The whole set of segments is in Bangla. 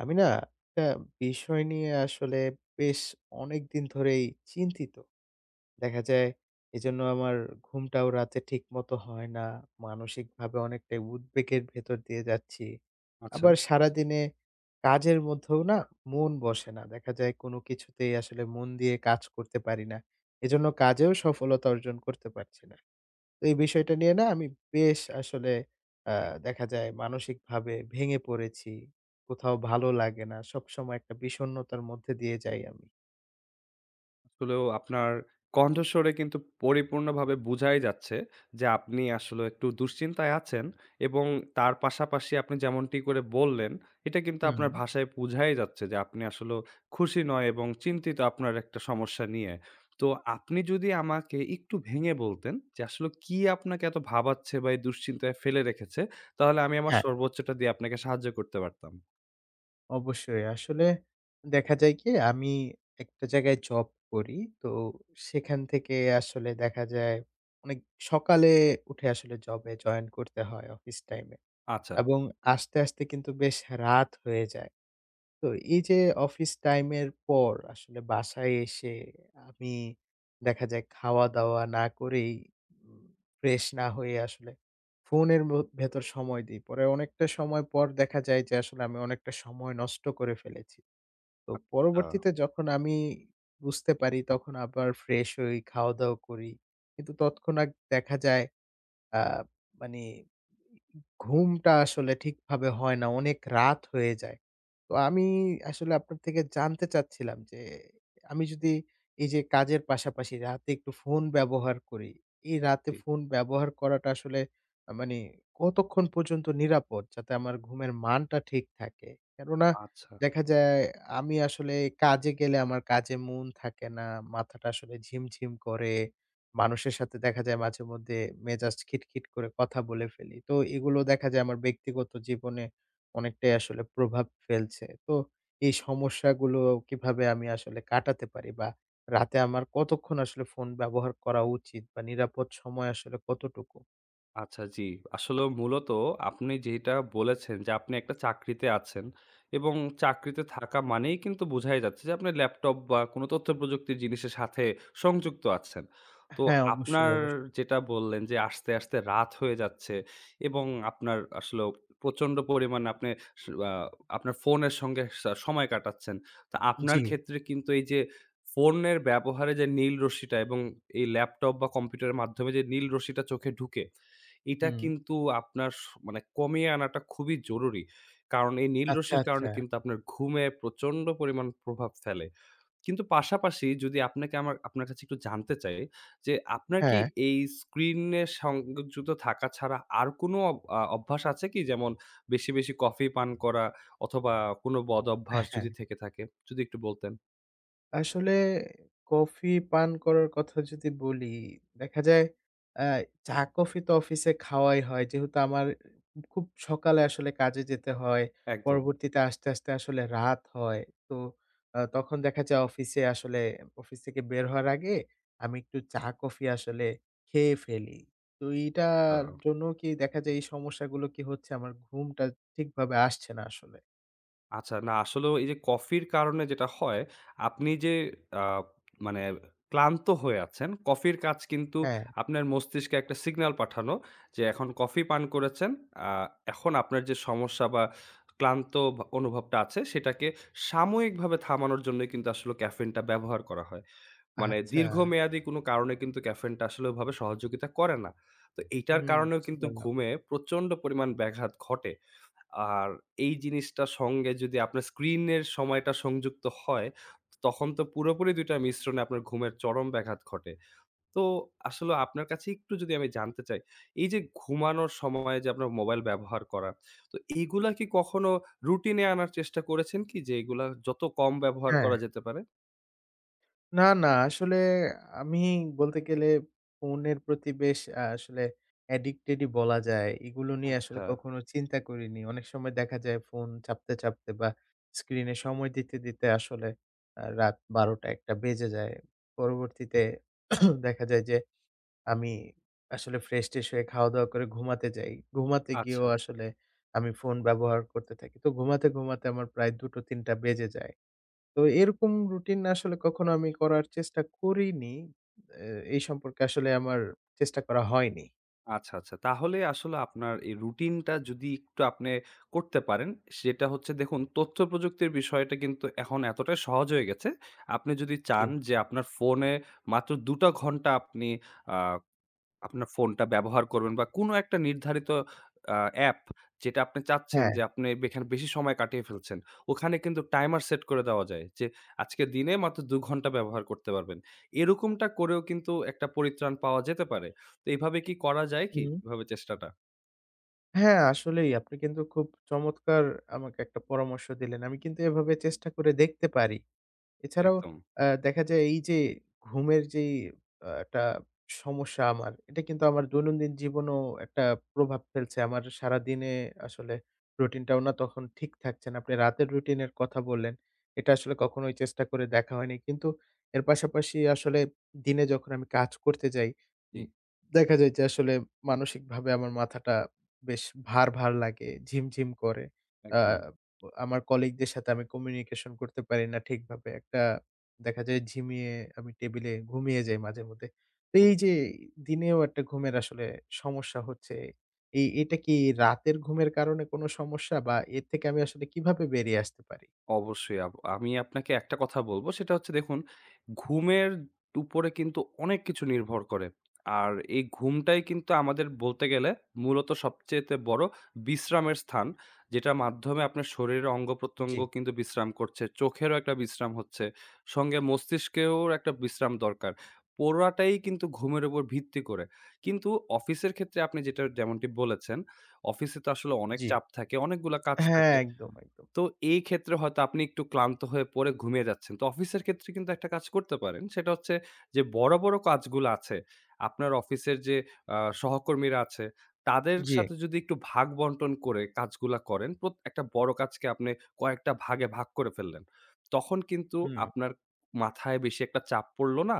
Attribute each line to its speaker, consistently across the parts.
Speaker 1: আমি না, একটা বিষয় নিয়ে আসলে বেশ অনেকদিন ধরেই চিন্তিত। দেখা যায়, এজন্য আমার ঘুমটাও রাতে ঠিকমতো হয় না। মানসিক ভাবে অনেকটাই উদ্বেগের ভেতর দিয়ে যাচ্ছি।
Speaker 2: আচ্ছা।
Speaker 1: আবার সারাদিনে কাজের মধ্যেও না মন বসে না। দেখা যায় কোন কিছুতেই আসলে মন দিয়ে কাজ করতে পারি না। এজন্য কাজেও সফলতা অর্জন করতে পারছি না। তো এই বিষয়টা নিয়ে না আমি বেশ আসলে অ্যা দেখা যায় মানসিক ভাবে ভেঙে পড়েছি। কোথাও ভালো লাগে না, সবসময় একটা বিষন্নতার মধ্যে দিয়ে যাই আমি।
Speaker 2: আসলেও আপনার কণ্ঠস্বরে কিন্তু পরিপূর্ণভাবে বুঝাই যাচ্ছে, যে আপনি আসলে একটু দুশ্চিন্তায় আছেন। এবং তার পাশাপাশি আপনি যেমনটি করে বললেন এটা কিন্তু
Speaker 1: হুম।
Speaker 2: আপনার ভাষায় বুঝাই যাচ্ছে, যে আপনি আসলেও খুশি নয় এবং চিন্তিত আপনার একটা সমস্যা নিয়ে। তো আপনি যদি আমাকে একটু ভেঙে বলতেন যে আসলে কি আপনাকে এত ভাবাচ্ছে, বা এই দুশ্চিন্তায় ফেলে রেখেছে? তাহলে আমি আমার
Speaker 1: হ্যাঁ।
Speaker 2: সর্বোচ্চটা দিয়ে আপনাকে সাহায্য করতে পারতাম।
Speaker 1: অবশ্যই। আসলে দেখা যায় কি? আমি একটা জায়গায় জব করি। তো সেখান থেকে আসলে দেখা যায় অনেক সকালে উঠে আসলে জবে জয়েন করতে হয় অফিস টাইমে।
Speaker 2: আচ্ছা।
Speaker 1: এবং আসতে, আসতে কিন্তু বেশ হা রাত হয়ে যায়। তো এই যে অফিস টাইমের পর আসলে বাসায় এসে আমি দেখা যায় খাওয়া-দাওয়া না করেই উম ফ্রেশ না হয়ে আসলে ফোনের মো ভেতর সময় দিই। পরে অনেকটা সময় পর দেখা যায় যে আসলে আমি অনেকটা সময় নষ্ট করে ফেলেছি। তো
Speaker 2: আচ্ছা।
Speaker 1: পরবর্তীতে যখন আমি বুঝতে পারি তখন আবার ফ্রেশ হই, খাওয়া-দাওয়া করি। কিন্তু তৎক্ষণাৎ আগ দেখা যায় আ মানে ঘুমটা আসলে ঠিকভাবে হয় না, অনেক রাত হয়ে যায়। তো আমি আসলে আপনার থেকে জানতে চাচ্ছিলাম যে আমি যদি এই যে কাজের পাশাপাশি রাতে একটু ফোন ব্যবহার করি। এই রাতে
Speaker 2: জি।
Speaker 1: ফোন ব্যবহার করাটা আসলে আ মানে কতক্ষণ পর্যন্ত নিরাপদ যাতে আমার ঘুমের মানটা ঠিক থাকে? কেননা
Speaker 2: আচ্ছা।
Speaker 1: দেখা যায় আমি আসলে কাজে গেলে আমার কাজে মন থাকে না, মাথাটা আসলে ঝিমঝিম করে। মানুষের সাথে দেখা যায় মাঝেমধ্যে মেজাজ খিটখিট করে কথা বলে ফেলি। তো এগুলো দেখা যায় আমার ব্যক্তিগত জীবনে অনেকটাই আসলে প্রভাব ফেলছে। তো এই সমস্যাগুলো কিভাবে আমি আসলে কাটাতে পারি বা রাতে আমার কতক্ষণ আসলে ফোন ব্যবহার করা উচিত বা নিরাপদ সময় আসলে কতটুকু?
Speaker 2: আচ্ছা, জি। আসলেও মূলত আপনি যেটা বলেছেন যে আপনি একটা চাকরিতে আছেন। এবং চাকরিতে থাকা মানেই কিন্তু বুঝাই যাচ্ছে যে আপনার ল্যাপটপ বা কোন তথ্যপ্রযুক্তির জিনিসের সাথে সংযুক্ত আছেন।
Speaker 1: অ্যা
Speaker 2: তো
Speaker 1: হ্যাঁ, অবশ্যই,
Speaker 2: আপনার
Speaker 1: অবশ্য
Speaker 2: যেটা বললেন যে আসতে, আসতে রাত হয়ে যাচ্ছে এবং আপনার আসলেও প্রচণ্ড পরিমাণ আপনে স আ আপনার ফোনের সঙ্গে সা সময় কাটাচ্ছেন। তা আপনার
Speaker 1: জি।
Speaker 2: ক্ষেত্রে কিন্তু এই যে ফোনের ব্যবহারে যে নীল রশ্মিটা এবং এই ল্যাপটপ বা কম্পিউটারের মাধ্যমে যে নীল রশ্মিটা চোখে ঢুকে, এইটা
Speaker 1: হুম।
Speaker 2: কিন্তু আপনার স মানে কমিয়ে আনাটা খুবই জরুরি। কারণ এই নীল
Speaker 1: আচ্ছা,
Speaker 2: রশ্মির
Speaker 1: আচ্ছা।
Speaker 2: কারণে কিন্তু আপনার ঘুমে প্রচণ্ড পরিমাণ প্রভাব ফেলে। কিন্তু পাশাপাশি যদি আপনাকে আমার আপনার কাছে একটু জানতে চাই? যে আপনার কি
Speaker 1: হ্যাঁ।
Speaker 2: এই স্ক্রিনে সংযুক্ত থাকা ছাড়া আর কোনো আ অভ্যাস আছে কি? যেমন বেশি, বেশি কফি পান করা? অথবা কোন বদ
Speaker 1: অ্যা
Speaker 2: অভ্যাস
Speaker 1: হ্যাঁ।
Speaker 2: যদি থেকে থাকে। যদি একটু বলতেন?
Speaker 1: আসলে কফি পান করার কথা যদি বলি। দেখা যায় অ্যা চা-কফি তো অফিসে খাওয়াই হয়। যেহেতু আমার খুব সকালে আসলে কাজে যেতে হয়।
Speaker 2: একদম।
Speaker 1: পরবর্তীতে আসতে, আসতে আসলে রাত হয়। তো আ তখন দেখা যায় অফিসে আসলে অফিস থেকে বের হওয়ার আগে আমি একটু চা-কফি আসলে খেয়ে ফেলি। তো এইটার
Speaker 2: হা
Speaker 1: জন্য কি দেখা যায় এই সমস্যাগুলো কি হচ্ছে? আমার ঘুমটা ঠিকভাবে আসছে না আসলে।
Speaker 2: আচ্ছা, না আসলে এই যে কফির কারণে যেটা হয়, আপনি যে অ্যা মানে ক্লান্ত হয়ে আছেন কফির কাজ কিন্তু
Speaker 1: হ্যাঁ।
Speaker 2: আপনার মস্তিষ্কে একটা সিগন্যাল পাঠানো, যে এখন কফি পান করেছেন। অ্যা এখন আপনার যে সমস্যা বা ক্লান্ত ব অনুভবটা আছে, সেটাকে সাময়িকভাবে থামানোর জন্যই কিন্তু আসলে ক্যাফেইনটা ব্যবহার করা হয়। মানে
Speaker 1: আচ্ছা।
Speaker 2: দীর্ঘমেয়াদী কোন কারণে কিন্তু ক্যাফেইনটা আসলে ওইভাবে সহযোগিতা করে না। তো এইটার
Speaker 1: হুম,
Speaker 2: কারণেও
Speaker 1: বুঝতে
Speaker 2: কিন্তু
Speaker 1: পারলাম।
Speaker 2: ঘুমে প্রচণ্ড পরিমাণ ব্যাঘাত ঘটে। আর এই জিনিসটার সঙ্গে যদি আপনার স্ক্রিনের সময়টা সংযুক্ত হয়, তখন তো পুরোপুরি ২ টার মিশ্রণে আপনার ঘুমের চরম ব্যাঘাত ঘটে। তো আসলে আপনার কাছে একটু যদি আমি জানতে চাই, এই যে ঘুমানোর সময়ে যে আপনার মোবাইল ব্যবহার করা। তো এইগুলা কি কখনো রুটিনে আনার চেষ্টা করেছেন কি যে এইগুলা যত কম ব্যবহার করা
Speaker 1: হ্যাঁ।
Speaker 2: যেতে পারে?
Speaker 1: না, না আসলে আমি বলতে গেলে ফোনের প্রতি বেশ অ্যা আসলে addicted-ই বলা যায়। এগুলো নিয়ে আসলে
Speaker 2: আচ্ছা।
Speaker 1: কখনো চিন্তা করিনি। অনেক সময় দেখা যায় ফোন চাপতে, চাপতে বা স্ক্রিনে সময় দিতে, দিতে আসলে অ্যা রাত ১২ঃ০০ টা ১ঃ০০ টা বেজে যায়। পরবর্তীতে দেখা যায় যে, আমি আসলে ফ্রেশ-টেশ হয়ে খাওয়া-দাওয়া করে ঘুমাতে যাই। ঘুমাতে গিয়েও
Speaker 2: আচ্ছা।
Speaker 1: আসলে আমি ফোন ব্যবহার করতে থাকি। তো ঘুমাতে, ঘুমাতে আমার প্রায় ২ঃ০০-৩ঃ০০ টা বেজে যায়। তো এরকম routine আসলে কখনো আমি করার চেষ্টা করিনি। অ্যা এই সম্পর্কে আসলে আমার চেষ্টা করা হয়নি।
Speaker 2: আচ্ছা, আচ্ছা। তাহলে আসলে আপনার এই রুটিনটা যদি একটু আপনে করতে পারেন। সেটা হচ্ছে দেখুন, তথ্যপ্রযুক্তির বিষয়টা কিন্তু এখন এতটা সহজ হয়ে গেছে। আপনি যদি চান
Speaker 1: জ্বী।
Speaker 2: যে আপনার ফোনে মাত্র ২ টা ঘন্টা আপনি আ আপনার ফোনটা ব্যবহার করবেন বা কোন একটা নির্ধারিত অ্যা অ্যাপ, যেটা আপনি চাচ্ছেন যে
Speaker 1: হ্যাঁ।
Speaker 2: আপনে বে এখানে বেশি সময় কাটিয়ে ফেলছেন। ওখানে কিন্তু টাইমার সেট করে দেওয়া যায়। যে আজকে দিনে মাত্র ২ ঘন্টা ব্যবহার করতে পারবেন। এরকমটা করেও কিন্তু একটা পরিত্রাণ পাওয়া যেতে পারে। তো এভাবে কি করা যায় কি?
Speaker 1: হুম।
Speaker 2: এভাবে চেষ্টাটা?
Speaker 1: হ্যাঁ, আসলেই। আপনি কিন্তু খুব চমৎকার আমাকে একটা পরামর্শ দিলেন। আমি কিন্তু এভাবে চেষ্টা করে দেখতে পারি। এছাড়াও
Speaker 2: একদম।
Speaker 1: অ্যা দেখা যায় এই যে ঘুমের যেই আ একটা সমস্যা আমার, এটা কিন্তু আমার দৈনন্দিন জীবনেও একটা প্রভাব ফেলছে। আমার সারাদিনে আসলে routine-টাও না তখন ঠিক থাকছে না। আপনি রাতের routine-এর কথা বললেন। এটা আসলে কখনোই চেষ্টা করে দেখা হয়নি। কিন্তু এর পাশাপাশি আসলে দিনে যখন আমি কাজ করতে যাই,
Speaker 2: জ্বী।
Speaker 1: উম দেখা যায় যে আসলে মানসিক ভাবে আমার মাথাটা বেশ ভার, ভার লাগে, ঝিম, ঝিম করে। অ্যা
Speaker 2: একদম।
Speaker 1: আমার colleague দের সাথে আমি communication করতে পারি না ঠিকভাবে। একটা দেখা যায় ঝিমিয়ে আমি টেবিলে ঘুমিয়ে যাই মাঝে-মধ্যে। তো
Speaker 2: হু,
Speaker 1: এই
Speaker 2: হু।
Speaker 1: যে দিনেও একটা ঘুমের আসলে সমস্যা হচ্ছে। এই, এটা কি রাতের ঘুমের কারণে কোন সমস্যা বা এর থেকে আমি আসলে কিভাবে বেরিয়ে আসতে পারি?
Speaker 2: অবশ্যই। আব আমি আপনাকে একটা কথা বলব। সেটা হচ্ছে দেখুন, ঘুমের উপরে কিন্তু অনেক কিছু নির্ভর করে। আর এই ঘুমটাই কিন্তু আমাদের বলতে গেলে মূলত সবচাইতে বড় বিশ্রামের স্থান। যেটার মাধ্যমে আপনার শরীরে অঙ্গ-প্রত্যঙ্গ
Speaker 1: জ্বী।
Speaker 2: কিন্তু বিশ্রাম করছে, চোখেরও একটা বিশ্রাম হচ্ছে, সঙ্গে মস্তিষ্কেরও একটা বিশ্রাম দরকার। পুরাটাই কিন্তু ঘুমের উপর ভিত্তি করে। কিন্তু অফিসের ক্ষেত্রে আপনি যেটা যেমনটি বলেছেন। অফিসে তো আসলে অনেক
Speaker 1: জ্বী।
Speaker 2: চাপ থাকে, অনেকগুলা কাজ
Speaker 1: হ্যাঁ
Speaker 2: থাকে।
Speaker 1: একদম, একদম।
Speaker 2: তো এই ক্ষেত্রে হয়তো আপনি একটু ক্লান্ত হয়ে পড়ে ঘুমিয়ে যাচ্ছেন। তো অফিসের ক্ষেত্রে কিন্তু একটা কাজ করতে পারেন। সেটা হচ্ছে যে বড়, বড় কাজগুলা আছে, আপনার অফিসের যে আ সহকর্মীরা আছে, তাদের
Speaker 1: জ্বী।
Speaker 2: সাথে যদি একটু ভাগ-বন্টন করে কাজগুলা করেন। প্রত একটা বড় কাজকে আপনি কয়েকটা ভাগে ভাগ করে ফেললেন। তখন কিন্তু
Speaker 1: হুম।
Speaker 2: আপনার মাথায় বেশি একটা চাপ পড়ল না।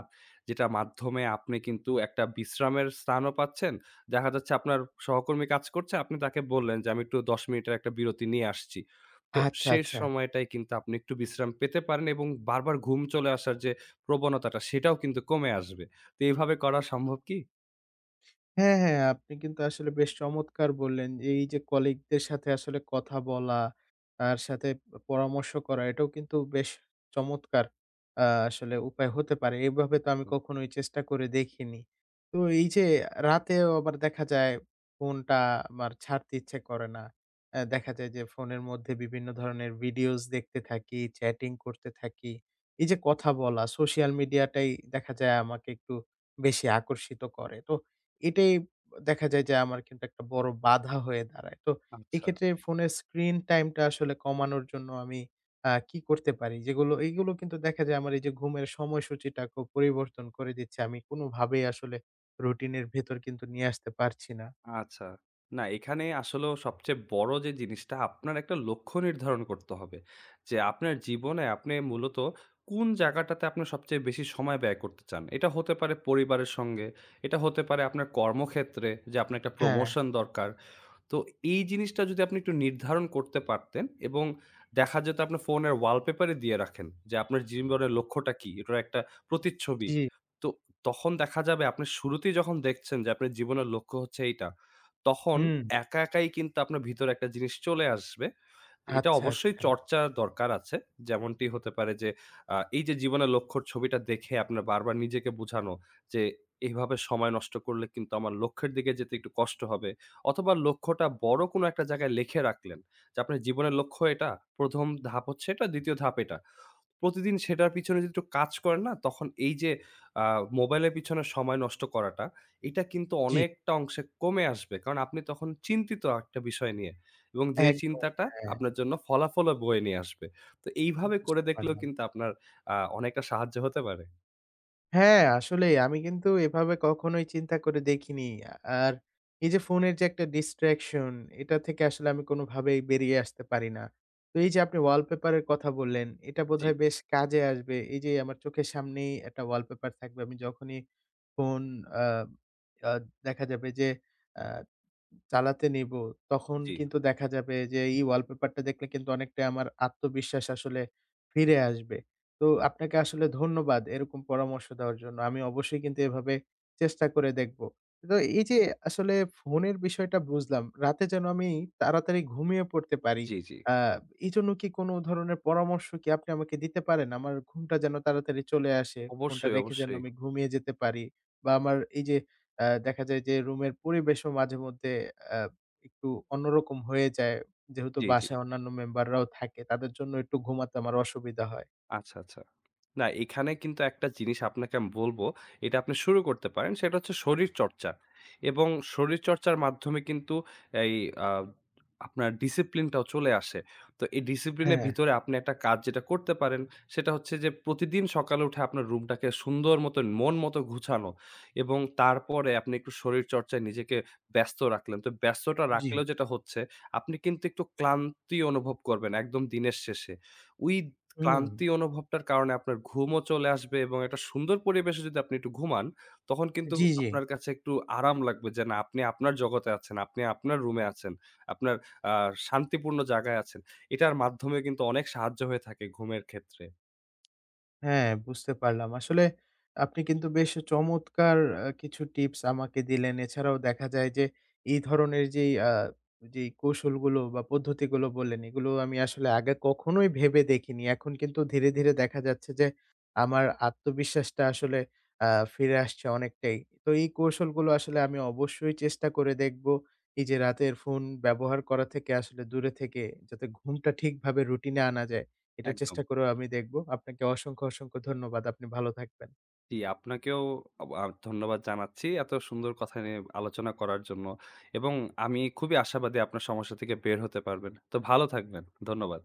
Speaker 2: যেটা মাধ্যমে আপনি কিন্তু একটা বিশ্রামের স্থানও পাচ্ছেন। দেখা যাচ্ছে আপনার সহকর্মী কাজ করছে, আপনি তাকে বললেন যে আমি একটু ১০ মিনিটের একটা বিরতি নিয়ে আসছি। তো
Speaker 1: আচ্ছা,
Speaker 2: সে
Speaker 1: আচ্ছা।
Speaker 2: সময়টায় কিন্তু আপনি একটু বিশ্রাম পেতে পারেন। এবং বারবার ঘুম চলে আসার যে প্রবণতাটা, সেটাও কিন্তু কমে আসবে। তো এভাবে করা সম্ভব কি?
Speaker 1: হ্যাঁ, হ্যাঁ আপনি কিন্তু আসলে বেশ চমৎকার বললেন। এই যে colleague দের সাথে আসলে কথা বলা, তার সাথে প পরামর্শ করা এটাও কিন্তু বেশ চমৎকার, আ আসলে উপায় হতে পারে। এভাবে তো আমি কখনোই চেষ্টা করে দেখিনি। তো এই যে রাতেও আবার দেখা যায় ফোনটা আমার ছাড়তে ইচ্ছে করে না। অ্যা দেখা যায় যে ফোনের মধ্যে বিভিন্ন ধরনের videos দেখতে থাকি, chatting করতে থাকি। এই যে কথা বলা social media টাই দেখা যায় আমাকে একটু বেশি আকর্ষিত করে। তো এটাই দেখা যায় যে আমার কিন্তু একটা বড় বাধা হয়ে দাঁড়ায়। তো
Speaker 2: আচ্ছা।
Speaker 1: এক্ষেত্রে ফোনের screen time টা আসলে কমানোর জন্য আমি, আ কি করতে পারি? যেগুলো, এইগুলো কিন্তু দেখা যায় আমার এই যে ঘুমের সময়সূচিটা খুব পরিবর্তন করে দিচ্ছে। আমি কোনো ভাবেই আসলে routine এর ভেতর কিন্তু নিয়ে আসতে পারছি না।
Speaker 2: আচ্ছা। না এখানে আসলেও সবচেয়ে বড় যে জিনিসটা আপনার একটা লক্ষ্য নির্ধারণ করতে হবে। যে আপনার জীবনে আপনি মূলত কোন জায়গাটাতে আপনি সবচেয়ে বেশি সময় ব্যয় করতে চান। এটা হতে পারে পরিবারের সঙ্গে, এটা হতে পারে আপনার কর্মক্ষেত্রে যে আপনার একটা
Speaker 1: হ্যাঁ।
Speaker 2: promotion দরকার। তো এই জিনিসটা যদি আপনি একটু নির্ধারণ করতে পারতেন এবং দেখা যেত আপনার ফোনের wall paper-ই দিয়ে রাখেন যে আপনার জীবনের লক্ষ্যটা কি, এটার একটা প্রতিচ্ছবি।
Speaker 1: জি।
Speaker 2: তো তখন দেখা যাবে আপনি শুরুতেই যখন দেখছেন যে, আপনার জীবনের লক্ষ্য হচ্ছে এইটা, তখন
Speaker 1: হুম।
Speaker 2: একা একাই কিন্তু আপনার ভিতরে একটা জিনিস চলে আসবে। এটা
Speaker 1: আচ্ছা,
Speaker 2: অবশ্যই
Speaker 1: আচ্ছা।
Speaker 2: চর্চার দরকার আছে। যেমনটি হতে পারে যে, আ এই যে জীবনের লক্ষ্যর ছবিটা দেখে আপনার বারবার নিজেকে বুঝানো যে, এভাবে সময় নষ্ট করলে কিন্তু আমার লক্ষ্যের দিকে যেতে একটু কষ্ট হবে। অথবা লক্ষ্যটা বড় কোন একটা জায়গায় লিখে রাখলেন যে আপনার জীবনের লক্ষ্য এটা, ১ম ধাপ হচ্ছে এটা, ২য় ধাপ এটা। প্রতিদিন সেটার পিছনে যদি একটু কাজ করেন না তখন এই যে আ মোবাইলের পিছনে সময় নষ্ট করাটা, এইটা কিন্তু
Speaker 1: জি।
Speaker 2: অনেকটা অংশে কমে আসবে। কারণ আপনি তখন চিন্তিত একটা বিষয় নিয়ে এবং যে
Speaker 1: একদম,
Speaker 2: চিন্তাটা
Speaker 1: হ্যাঁ।
Speaker 2: আপনার জন্য ফলাফলও বয়ে নিয়ে আসবে। তো এইভাবে করে
Speaker 1: বুঝতে
Speaker 2: দেখলেও
Speaker 1: পারলাম।
Speaker 2: কিন্তু আপনার আ অনেকটা সাহায্য হতে পারে।
Speaker 1: হ্যাঁ, আসলেই। আমি কিন্তু এভাবে কখনোই চিন্তা করে দেখিনি। আ আর এই যে ফোনের যে একটা distraction এটা থেকে আসলে আমি কোনোভাবেই বেরিয়ে আসতে পারি না। তো এই যে আপনি wallpaper এর কথা বললেন, এটা
Speaker 2: জি।
Speaker 1: বোধহয় বেশ কাজে আসবে। এই যে আমার চোখের সামনেই একটা wallpaper থাকবে। আমি যখনই ফোন, অ্যা অ্যা দেখা যাবে যে অ্যা চালাতে নিব, তখন
Speaker 2: জি।
Speaker 1: কিন্তু দেখা যাবে যে এই wallpaper-টা দেখলে কিন্তু অনেকটাই আমার আত্মবিশ্বাস আসলে ফিরে আসবে। তো আপনাকে আসলে ধন্যবাদ এরকম পরামর্শ দেওয়ার জন্য। আমি অবশ্যই কিন্তু এভাবে চেষ্টা করে দেখব। তো এই যে আসলে ফোনের বিষয়টা বুঝলাম। রাতে যেন আমি তাড়াতাড়ি ঘুমিয়ে পড়তে পারি,
Speaker 2: জি, জি।
Speaker 1: আ এই জন্য কি কোনো ধরনের পরামর্শ কি আপনি আমাকে দিতে পারেন? আমার ঘুমটা যেন তাড়াতাড়ি চলে আসে। ফোনটা
Speaker 2: অবশ্যই,
Speaker 1: রেখে যেন
Speaker 2: অবশ্যই।
Speaker 1: আমি ঘুমিয়ে যেতে পারি বা আমার এই যে অ্যা দেখা যায় যে রুমের পরিবেশও মাঝে-মধ্যে অ্যা একটু অন্যরকম হয়ে যায়। যেহেতু
Speaker 2: জি, জি।
Speaker 1: বাসায় অন্যান্য member-রাও থাকে তাদের জন্য একটু ঘুমাতে আমার অসুবিধা হয়।
Speaker 2: আচ্ছা, আচ্ছা। না এইখানে কিন্তু একটা জিনিস আপনাকে আমি বলব এটা আপনি শুরু করতে পারেন। সেটা হচ্ছে শরীরচর্চা। এবং শরীরচর্চার মাধ্যমে কিন্তু এই আ আপনার discipline-টাও চলে আসে। তো এই discipline-এর
Speaker 1: হ্যাঁ।
Speaker 2: ভিতরে আপনি একটা কাজ যেটা করতে পারেন। সেটা হচ্ছে যে প্রতিদিন সকালে উঠে আপনার রুমটাকে সুন্দর মতন, মন মতো গুছানো এবং তারপরে আপনি একটু শরীরচর্চায় নিজেকে ব্যস্ত রাখলেন। তো ব্যস্ততা
Speaker 1: জি।
Speaker 2: রাখলেও যেটা হচ্ছে। আপনি কিন্তু একটু ক্লান্তি অনুভব করবেন একদম দিনের শেষে। ওই
Speaker 1: হুম।
Speaker 2: ক্লান্তি অনুভবটার কারণে আপনার ঘুমও চলে আসবে এবং একটা সুন্দর পরিবেশে যদি আপনি একটু ঘুমান, তখন কিন্তু
Speaker 1: জি, জি।
Speaker 2: আপনার কাছে একটু আরাম লাগবে যে না আপনি আপনার জগতে আছেন, আপনি আপনার রুমে আছেন, আপনার আ শান্তিপূর্ণ জায়গায় আছেন। এটার মাধ্যমে কিন্তু অনেক সাহায্য হয়ে থাকে ঘুমের ক্ষেত্রে।
Speaker 1: হ্যাঁ, বুঝতে পারলাম। আসলে আপনি কিন্তু বেশ চমৎকার আ কিছু tips আমাকে দিলেন। এছাড়াও দেখা যায় যে এই ধরনের যেই আ যেই কৌশলগুলো বা পদ্ধতিগুলো বললেন, এগুলো আমি আসলে আগে কখনোই ভেবে দেখিনি। এখন কিন্তু ধীরে, ধীরে দেখা যাচ্ছে যে আমার আত্মবিশ্বাসটা আসলে অ্যা ফিরে আসছে অনেকটাই। তো এই কৌশলগুলো আসলে আমি অবশ্যই চেষ্টা করে দেখব। এই যে রাতের ফোন ব্যবহার করা থেকে আসলে দূরে থেকে যাতে ঘুমটা ঠিকভাবে routine-এ আনা যায়, এটা
Speaker 2: একদম।
Speaker 1: চেষ্টা করেও আমি দেখব। আপনাকে অসংখ্য, অসংখ্য ধন্যবাদ। আপনি ভালো থাকবেন।
Speaker 2: জি আপনাকেও ওবা ধন্যবাদ জানাচ্ছি এত সুন্দর কথা নিয়ে আলোচনা করার জন্য। এবং আমি খুবই আশাবাদী আপনার সমস্যা থেকে বের হতে পারবেন। তো ভালো থাকবেন, ধন্যবাদ।